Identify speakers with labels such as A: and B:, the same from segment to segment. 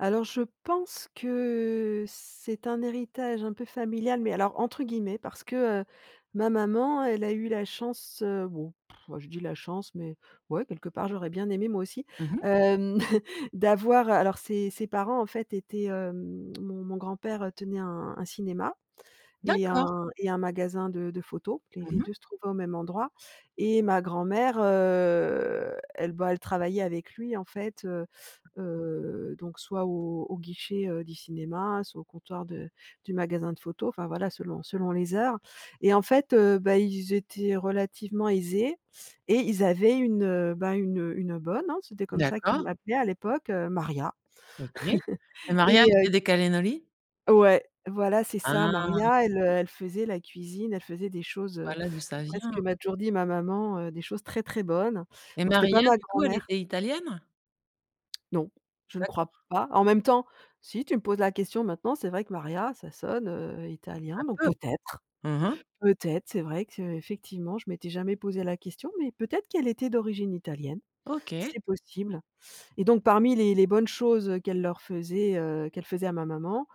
A: Alors, je pense que c'est un «héritage un peu familial», mais alors entre guillemets parce que, heu, ma maman, elle a eu la chance bon, bah, je dis: «la chance!», mais, ouais, quelque part, j'aurais bien aimé, moi aussi.
B: Mmh mh.
A: Hem, d'avoir alors, ses ses parents, en fait, étaient hem, mon mon grand-père tenait un un cinéma et un
B: D'accord.
A: un magasin de de photos et
B: Mmh
A: les
B: mh.
A: 2 se trouvaient au même endroit. Et ma grand-mère, heu bah, elle travaillait avec lui, en fait. Heu heu, donc soit au au guichet, heu, du cinéma, soit au comptoir de du magasin de photos, enfin voilà, selon selon les heures. Et en fait, heu bah, ils étaient relativement aisés et ils avaient une, heu, bah, une une bonne. Hein, c'était comme ça qu'ils
B: D'accord.
A: l'appelaient à l'époque, heu, Maria.
B: OK. Le mariage
A: Et heu
B: de des cannellonis.
A: Ouais, voilà, c'est ça.
B: Ah!
A: Maria, elle, heu, elle faisait la cuisine, elle faisait des choses, heu,
B: Voilà d'où ça
A: presque d'après ce
B: vient!
A: que m'a toujours dit ma maman, des choses très, très bonnes.
B: Mais
A: Donc c'était pas
B: Maria,
A: ma
B: du coup, elle
A: grand-mère
B: était italienne?
A: Non, je ne crois
B: D'accord.
A: pas. En même temps, si tu me poses la question maintenant, c'est vrai que Maria, ça sonne, heu, italien.
B: Un
A: Donc
B: peu.
A: peut-être
B: Mmh mh.
A: peut-être. C'est vrai qu'effectivement, je m'étais jamais posé la question, mais peut-être qu'elle était d'origine italienne.
B: OK.
A: C'est possible. Et donc, parmi les les bonnes choses qu'elle leur faisait qu'elle faisait à ma maman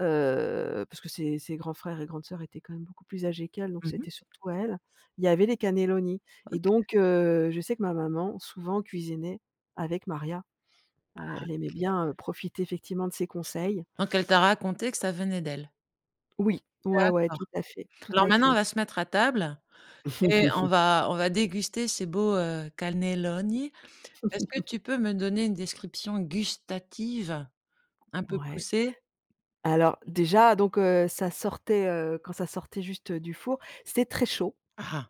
A: heu, parce que ses ses grands frères et grandes sœurs étaient quand même beaucoup plus âgées qu'elle, donc
B: Mmh mh.
A: c'était surtout à elle. Il y avait les cannellonis. Et
B: OK.
A: donc heu, je sais que ma maman souvent cuisinait avec Maria.
B: Ah
A: Heu, elle aimait
B: OK.
A: bien profiter, effectivement, de ses conseils.
B: Donc elle t'a raconté que ça venait d'elle.
A: Oui. Ouais, ouais, tout
B: D'accord.
A: à fait tout
B: Alors
A: à
B: maintenant on
A: fait.
B: va se mettre à table et on va on va déguster ces beaux, heu, cannelloni. Est-ce que tu peux me donner une description gustative un peu
A: Ouais.
B: poussée?
A: Alors déjà, donc heu, ça sortait, heu, quand ça sortait juste du four, c'est très chaud.
B: Ah ah.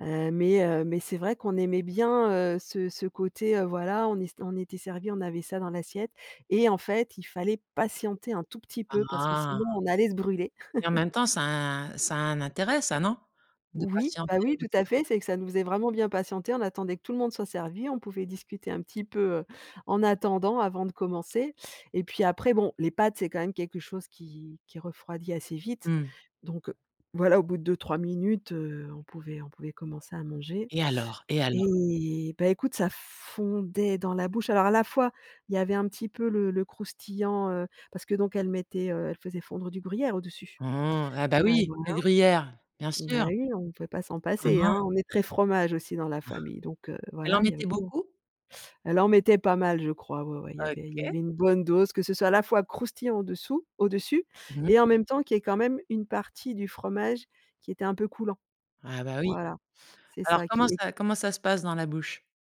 A: Heu, mais heu, mais c'est vrai qu'on aimait bien, heu, ce ce côté, heu, voilà, on était servi, on avait ça dans l'assiette et en fait, il fallait patienter un tout petit
B: Ah
A: peu parce que
B: ah!
A: sinon, on allait se brûler!
B: Et en même temps, ça a ça a un intérêt ça, non? De
A: Oui, bah
B: patienter
A: oui,
B: ou
A: tout
B: de
A: à
B: faire
A: fait. C'est que, ça nous
B: patienter.
A: faisait vraiment bien patienter. On attendait que tout le monde soit servi, on pouvait discuter un petit peu, heu, en attendant avant de commencer. Et puis après, bon, les pâtes, c'est quand même quelque chose qui qui refroidit assez vite.
B: Mmh.
A: Donc voilà, au bout de 2- 3 mn, heu, on pouvait on pouvait commencer à manger.
B: Et alors, et alors?
A: Et bah, écoute, ça fondait dans la bouche. Alors, à la fois, il y avait un petit peu le le croustillant, heu, parce que donc elle mettait elle faisait fondre du gruyère au-dessus.
B: Mmh mh. Ah bah
A: Heu
B: oui,
A: voilà.
B: le gruyère. Bien
A: Bah
B: sûr.
A: oui, on pouvait pas s'en
B: Mmh
A: passer, hein
B: mh.
A: on est très fromage aussi dans la
B: Mmh.
A: famille. Donc heu,
B: Elle en
A: voilà, il y avait
B: mettait
A: beau
B: beaucoup?
A: elle en mettait pas mal, je crois. Ouais ouais. Il y avait il y
B: OK.
A: avait une bonne dose, que ce soit à la fois croustillant au-dessous au-dessus
B: Mmh.
A: et en même temps qu'il y ait quand même une partie du fromage qui était un peu coulant.
B: Ah bah oui.
A: Voilà, c'est
B: Alors
A: ça
B: comment
A: qui
B: ça
A: est
B: comment ça se passe dans la bouche?